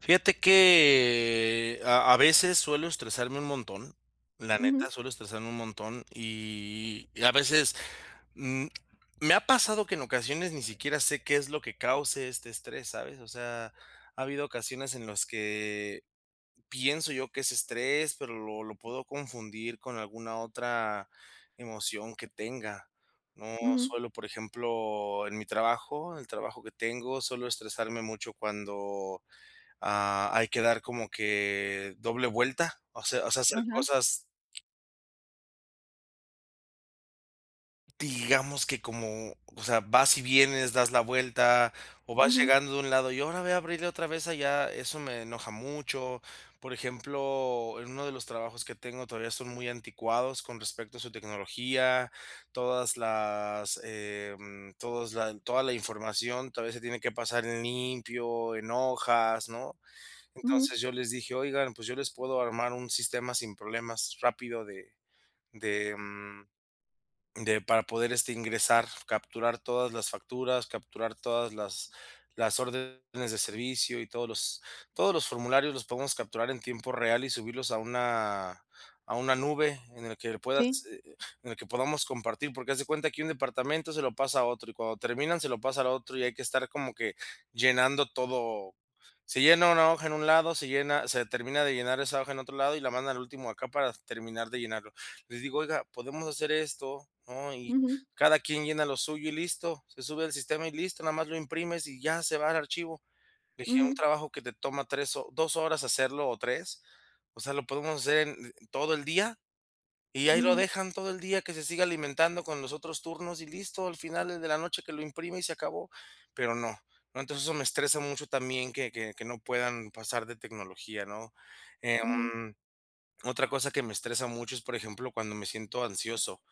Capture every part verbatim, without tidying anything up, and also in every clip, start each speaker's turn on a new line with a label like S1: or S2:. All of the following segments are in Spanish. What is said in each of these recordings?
S1: Fíjate que a a veces, suelo estresarme un montón, la
S2: Ujú.
S1: neta, suelo estresarme un montón. Y y a veces, mm, me ha pasado que en ocasiones ni siquiera sé qué es lo que cause este estrés, ¿sabes? O sea, ha habido ocasiones en las que pienso yo que es estrés, pero lo lo puedo confundir con alguna otra emoción que tenga. No
S2: Ujú.
S1: suelo, por ejemplo, en mi trabajo el trabajo que tengo, suelo estresarme mucho cuando, ah, hay que dar como que doble vuelta. O sea o sea, hacer
S2: Ajá.
S1: cosas. Digamos que como, o sea, vas y vienes, das la vuelta o vas
S2: Ujú.
S1: llegando de un lado, y hora ve a abrirle otra vez allá, eso me enoja mucho. Por ejemplo, en uno de los trabajos que tengo todavía son muy anticuados con respecto a su tecnología. Todas las, eh, mm, todos la toda la información, todavía se tiene que pasar en limpio, en hojas, ¿no?
S2: Ujú.
S1: Entonces, yo les dije :"Oigan, pues, yo les puedo armar un sistema sin problemas, rápido, de de, mm, de para poder, este, ingresar capturar todas las facturas, capturar todas las las órdenes de servicio y todos los todos los formularios los podemos capturar en tiempo real y subirlos a una a una nube en el que puedas,
S2: Sí.
S1: eh eh, en el que podamos compartir". Porque haz de cuenta que un departamento se lo pasa a otro, y cuando terminan se lo pasa al otro, y hay que estar como que llenando todo. Se llena una hoja en un lado, se llena se termina de llenar esa hoja en otro lado y la mandan al último acá para terminar de llenarlo. Les digo: "Oiga, podemos hacer esto, ¿no? Y
S2: Ujú.
S1: cada quien llena lo suyo y listo. Se sube al sistema y listo, nada más lo imprimes y ya se va al archivo". Dije: "Un
S2: Ujú.
S1: trabajo que te toma tres o dos horas hacerlo o tres O sea, lo podemos hacer en en en todo el día y ahí lo
S2: Ujú.
S1: dejan todo el día que se siga alimentando con los otros turnos y listo. Al final el de la noche que lo imprima y se acabó". Pero no, ¿no? Entonces, eso me estresa mucho también que que que no puedan pasar de tecnología, ¿no?
S2: Ujú.
S1: Em, otra cosa que me estresa mucho es, por ejemplo, cuando me siento ansioso.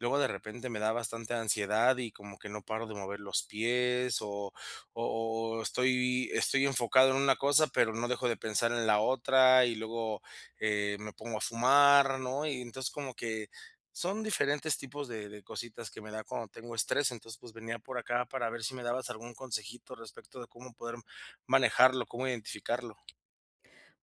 S1: Luego de repente, me da bastante ansiedad y como que no paro de mover los pies o o o estoy estoy enfocado en una cosa, pero no dejo de pensar en la otra, y luego, eh, me pongo a fumar, ¿no? Y, entonces, como que son diferentes tipos de de cositas que me da cuando tengo estrés. Entonces, pues, venía por acá para ver si me dabas algún consejito respecto de cómo poder manejarlo, cómo identificarlo.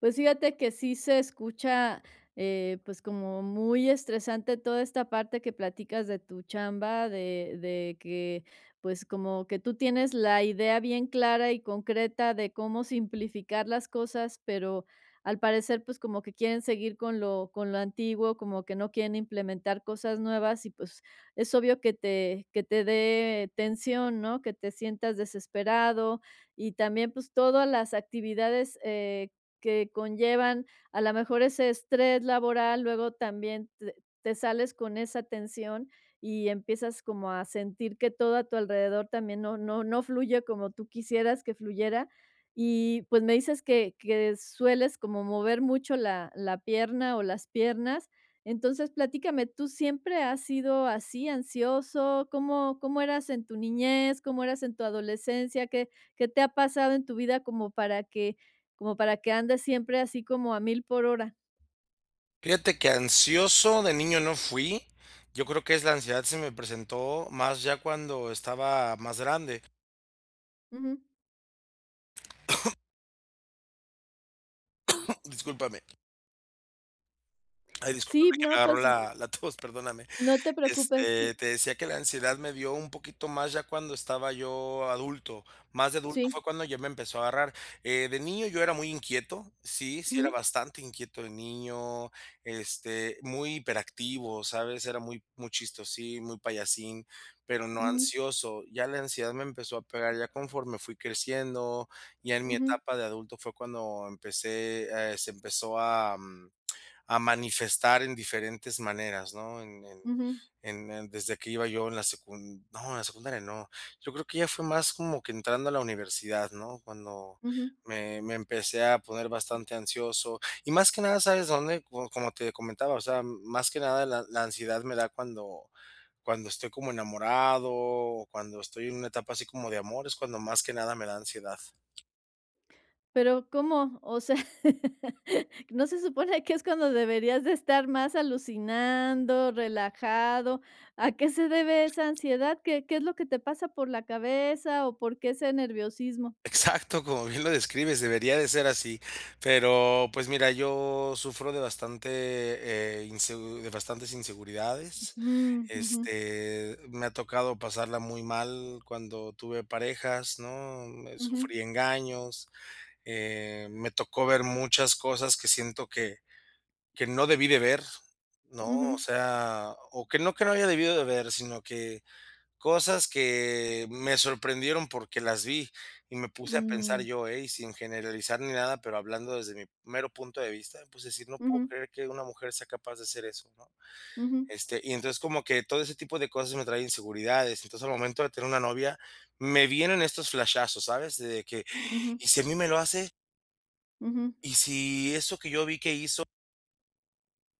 S2: Pues fíjate que sí se escucha, eh, pues como muy estresante toda esta parte que platicas de tu chamba, de de que, pues como que tú tienes la idea bien clara y concreta de cómo simplificar las cosas, pero al parecer, pues como que quieren seguir con lo con lo antiguo, como que no quieren implementar cosas nuevas, y pues, es obvio que te que te dé tensión, ¿no? Que te sientas desesperado. Y también, pues todas las actividades, eh, que conllevan, a lo mejor, ese estrés laboral, luego también te te sales con esa tensión y empiezas como a sentir que todo a tu alrededor también no no no fluye como tú quisieras que fluyera. Y, pues, me dices que que sueles como mover mucho la la pierna o las piernas. Entonces platícame, ¿tú siempre has sido así, ansioso? ¿Cómo? ¿Cómo eras en tu niñez? ¿Cómo eras en tu adolescencia? ¿Qué? ¿Qué te ha pasado en tu vida como para que como para que andes siempre así como a mil por hora?
S1: Fíjate que ansioso de niño no fui, yo creo que es la ansiedad se me presentó más ya cuando estaba más grande.
S2: Ujú.
S1: Discúlpame. Ay,
S2: Sí,
S1: discúlpame que me
S2: no,
S1: agarro
S2: pues, mm
S1: la la tos, perdóname.
S2: no te preocupes.
S1: Este,
S2: Sí.
S1: te decía que la ansiedad me dio un poquito más ya cuando estaba yo adulto, más de adulto
S2: Sí.
S1: fue cuando ya me empezó a agarrar. Eh, de niño, yo era muy inquieto, sí sí era
S2: Ujú.
S1: bastante inquieto de niño, este, muy hiperactivo, ¿sabes?, era muy muy chistosín, muy payasín, pero no
S2: Ujú.
S1: ansioso. Ya la ansiedad me empezó a pegar, ya conforme fui creciendo, ya en mi
S2: Ujú.
S1: etapa de adulto fue cuando empecé, eh, se empezó a, mm, a manifestar en diferentes maneras, ¿no? En en
S2: Ujú.
S1: en en desde que iba yo en la secun no, en la secundaria no, yo creo que ya fue más como que entrando a la universidad, ¿no?, cuando
S2: Ujú.
S1: me me empecé a poner bastante ansioso, y más que nada, ¿sabes dónde?, co como te comentaba, o sea, m más que nada la la ansiedad me da cuando cuando estoy como enamorado o cuando estoy en una etapa así como de amor, es cuando más que nada me da ansiedad.
S2: Pero, ¿cómo? O sea, ¿no se supone, que es cuando deberías de estar más alucinando, relajado? ¿A qué se debe esa ansiedad? ¿Qué qué es lo que te pasa por la cabeza? ¿O, por qué ese nerviosismo?
S1: Exacto, como bien lo describes, debería de ser así. Pero, pues, mira, yo sufro de bastante, eh, insegu de bastantes inseguridades.
S2: Mm, ujú.
S1: Este, me ha tocado pasarla muy mal, cuando tuve parejas, ¿no?, me
S2: Ujú.
S1: sufrí engaños. Eh, me tocó ver muchas cosas, que siento que que no debí de ver, ¿no? O
S2: Ujú.
S1: sea, o que no que no haya debido de ver, sino que cosas que me sorprendieron, porque las vi. Y me puse a pensar
S2: Mm.
S1: yo ey, sin generalizar, ni nada, pero hablando, desde mi mero punto de vista. Me puse a decir: "No puedo
S2: Ujú.
S1: creer, que una mujer sea capaz de hacer eso", ¿no?
S2: Ujú.
S1: Este, y entonces, como que todo ese tipo de cosas, me trae inseguridades. Entonces, al momento de tener una novia, me vienen estos flashazos, ¿sabes? De que:
S2: Ujú.
S1: "¿Y, si a mí me lo hace?".
S2: Ujú.
S1: Y si eso que yo vi que hizo.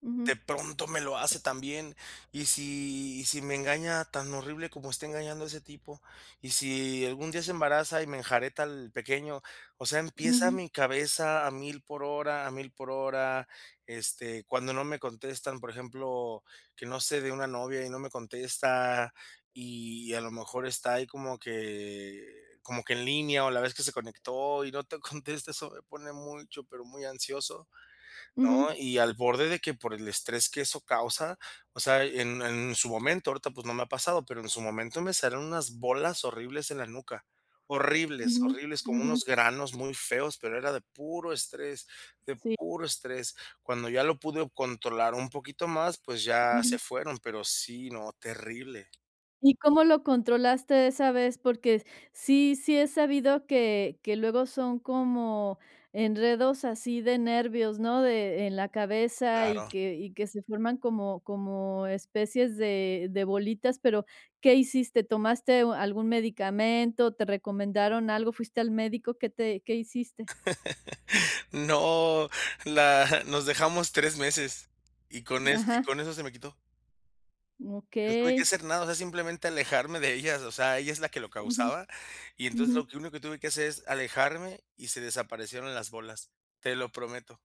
S2: Ujú.
S1: De pronto me lo hace también. Y si y si me engaña tan horrible como está engañando a ese tipo, y si algún día se embaraza y me enjareta al pequeño, o sea, empieza
S2: Ujú.
S1: mi cabeza a mil por hora, a mil por hora, este, cuando no me contestan, por ejemplo, que no sé de una novia y no me contesta, y a lo mejor está ahí como que como que en línea o la vez que se conectó y no te contesta, eso me pone mucho, pero muy ansioso,
S2: Ujú.
S1: ¿no? Y al borde de que, por el estrés que eso causa, o sea, en en su momento, ahorita, pues, no me ha pasado, pero en su momento me salieron unas bolas horribles en la nuca. Horribles,
S2: Ujú,
S1: horribles, como
S2: ujú.
S1: unos granos muy feos, pero era de puro estrés de
S2: Sí.
S1: puro estrés. Cuando ya lo pude controlar un poquito más, pues ya se
S2: Ujú.
S1: fueron, pero sí, no, terrible.
S2: ¿Y cómo lo controlaste esa vez? Porque sí sí he sabido que que luego son como enredos así de nervios, ¿no? De en la cabeza y
S1: Claro.
S2: que y que se forman como como especies de de bolitas, pero, ¿qué hiciste? ¿Tomaste algún medicamento? ¿Te recomendaron algo? ¿Fuiste al médico? ¿Qué te qué hiciste?
S1: No, la nos dejamos tres meses, y con es y
S2: Ajá.
S1: con eso se me quitó. No tuve que
S2: Okey.
S1: hacer nada, o sea, simplemente alejarme de ellas, o sea, ella es la que lo
S2: Ujú,
S1: causaba. Y entonces
S2: ujú.
S1: lo que único que tuve que hacer es, alejarme y se desaparecieron las bolas. Te lo prometo.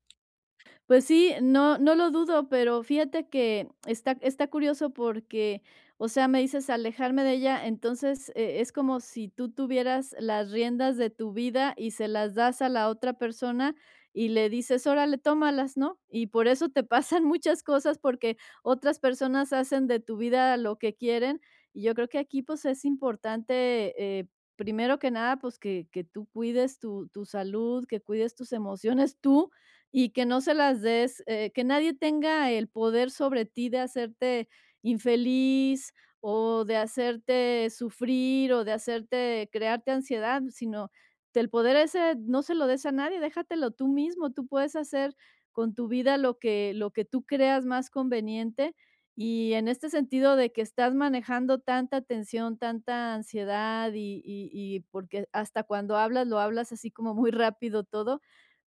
S2: Pues sí, no no lo dudo, pero fíjate que está está curioso porque, o sea, me dices: "Alejarme de ella", entonces, e es como si tú tuvieras las riendas de tu vida y se las das a la otra persona y le dices: "Órale, tómalas, ¿no?", y por eso te pasan muchas cosas, porque otras personas hacen de tu vida lo que quieren. Y yo creo que aquí, pues, es importante, eh, primero que nada, pues, que que tú cuides tu tu salud, que cuides tus emociones tú, y que no se las des, eh, que nadie tenga el poder sobre ti de hacerte infeliz o de hacerte sufrir o de hacerte crearte ansiedad, sino que el poder ese no se lo des a nadie, déjatelo tú mismo, tú puedes hacer con tu vida lo que lo que tú creas más conveniente. Y en este sentido, de que estás manejando tanta tensión, tanta ansiedad y y y porque hasta cuando hablas, lo hablas así como muy rápido todo,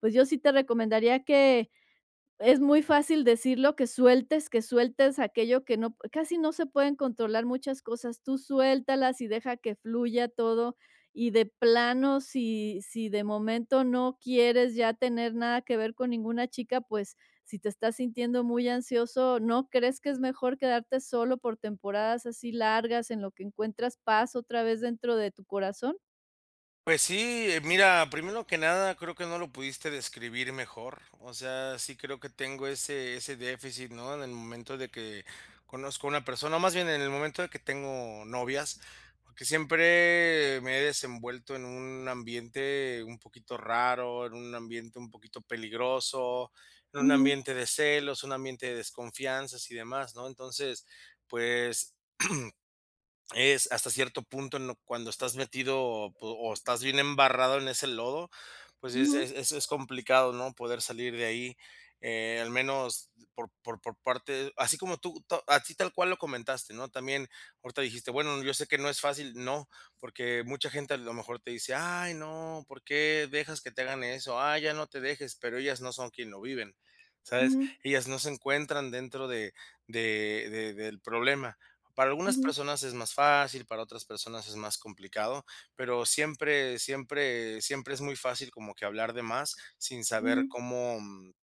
S2: pues, yo sí te recomendaría que, es muy fácil decirlo, que sueltes que sueltes aquello que no p casi no se pueden controlar muchas cosas. Tú suéltalas y deja que fluya todo. Y de plano, si si de momento, no quieres ya tener nada que ver con ninguna chica, pues, si te estás sintiendo muy ansioso, ¿no crees que es mejor quedarte solo por temporadas así largas en lo que encuentras paz otra vez dentro de tu corazón?
S1: Pues, sí, eh, mira, primero que nada, creo que no lo pudiste describir mejor, o sea, sí creo que tengo ese ese déficit, ¿no? En el momento de que conozco a una persona, o más bien, en el momento de que tengo novias, porque siempre me he desenvuelto en un ambiente un poquito raro, en un ambiente un poquito peligroso, en un
S2: Ujú.
S1: ambiente de celos, un ambiente de desconfianzas y demás, ¿no? Entonces, pues, es, hasta cierto punto, en lo cuando estás metido po o estás bien embarrado en ese lodo, pues, sí es
S2: Ujú.
S1: es es es complicado, ¿no?, poder salir de ahí, eh, al menos por por por parte así como tú to así tal cual lo comentaste, ¿no? También ahorita dijiste: "Bueno, yo sé que no es fácil". No, porque mucha gente, a lo mejor, te dice: "Ay, no, ¿por qué dejas que te hagan eso? Ay, ya no te dejes", pero ellas no son quien lo viven, ¿sabes?,
S2: Ujú.
S1: ellas no se encuentran dentro de de de del problema. Para algunas
S2: Ujú.
S1: personas es más fácil, para otras personas es más complicado, pero siempre siempre siempre es muy fácil como que hablar de más, sin saber
S2: Ujú.
S1: cómo, mm,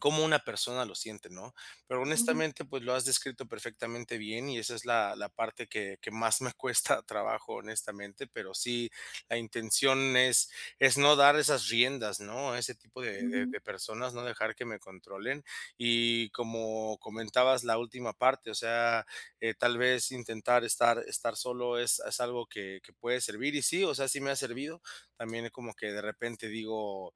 S1: cómo una persona lo siente, ¿no? Pero
S2: Ujú.
S1: honestamente, pues, lo has descrito perfectamente bien y esa es la la parte que que más me cuesta trabajo, honestamente. Pero sí, la intención es es no dar esas riendas, ¿no? A ese tipo de de
S2: Ujú.
S1: de personas, no dejar que me controlen. Y, como comentabas la última parte, o sea, eh, tal vez, intentar estar estar solo es es algo que que puede servir y sí, o sea, sí me ha servido. También, eh, como que, de repente, digo,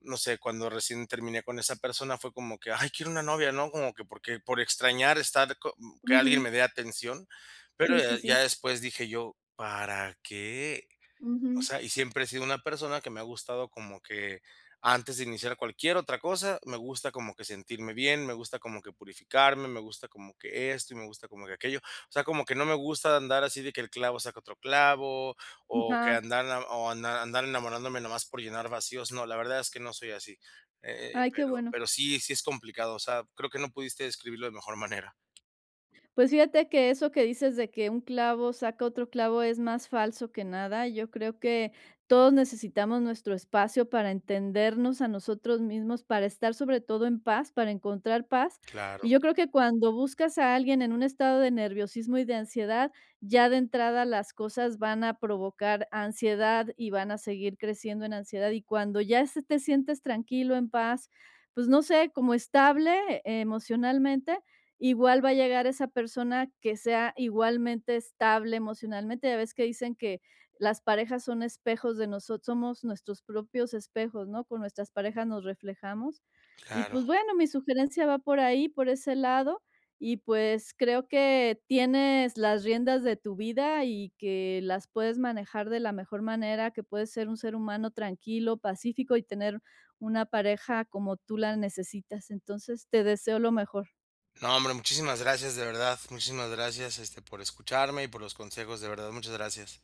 S1: no sé, cuando recién terminé con esa persona, fue como que: "Ay, quiero una novia", ¿no? Como que porque por extrañar estar co mm, que alguien me
S2: Ujú.
S1: dé atención. Pero,
S2: Sí, sí,
S1: eh, ya
S2: sí.
S1: después dije yo: "¿Para qué?". O
S2: Ujú.
S1: sea, y siempre he sido una persona que me ha gustado como que antes de iniciar cualquier otra cosa, me gusta como que sentirme bien, me gusta como que purificarme, me gusta como que esto y me gusta como que aquello. O sea, como que no me gusta andar así de que el clavo saca otro clavo o que
S2: Ajá.
S1: andar na o andar andar enamorándome nada más por llenar vacíos. No, la verdad es que no soy así, eh eh,
S2: Ay, qué
S1: pero
S2: bueno.
S1: pero sí sí es complicado, o sea, creo que no pudiste describirlo de mejor manera.
S2: Pues fíjate que eso que dices de que un clavo saca otro clavo, es más falso que nada, yo creo que, todos necesitamos nuestro espacio para entendernos a nosotros mismos, para estar sobre todo en paz, para encontrar paz.
S1: Claro.
S2: Y yo creo que cuando buscas a alguien en un estado de nerviosismo y de ansiedad, ya de entrada las cosas van a provocar ansiedad y van a seguir creciendo en ansiedad, y cuando ya se te sientes tranquilo, en paz, pues no sé, como estable emocionalmente, igual va a llegar esa persona que sea igualmente estable emocionalmente, ya ves que dicen que: "Las parejas son espejos de noso somos nuestros propios espejos, ¿no? Con nuestras parejas nos reflejamos". Y,
S1: Claro.
S2: pues, bueno, mi sugerencia va por ahí, por ese lado. Y, pues, creo que tienes las riendas de tu vida y que las puedes manejar de la mejor manera, que puedes ser un ser humano tranquilo, pacífico y tener una pareja como tú la necesitas, entonces, te deseo lo mejor.
S1: No, hombre, muchísimas gracias, de verdad, muchísimas gracias, este, por escucharme y por los consejos, de verdad, muchas gracias.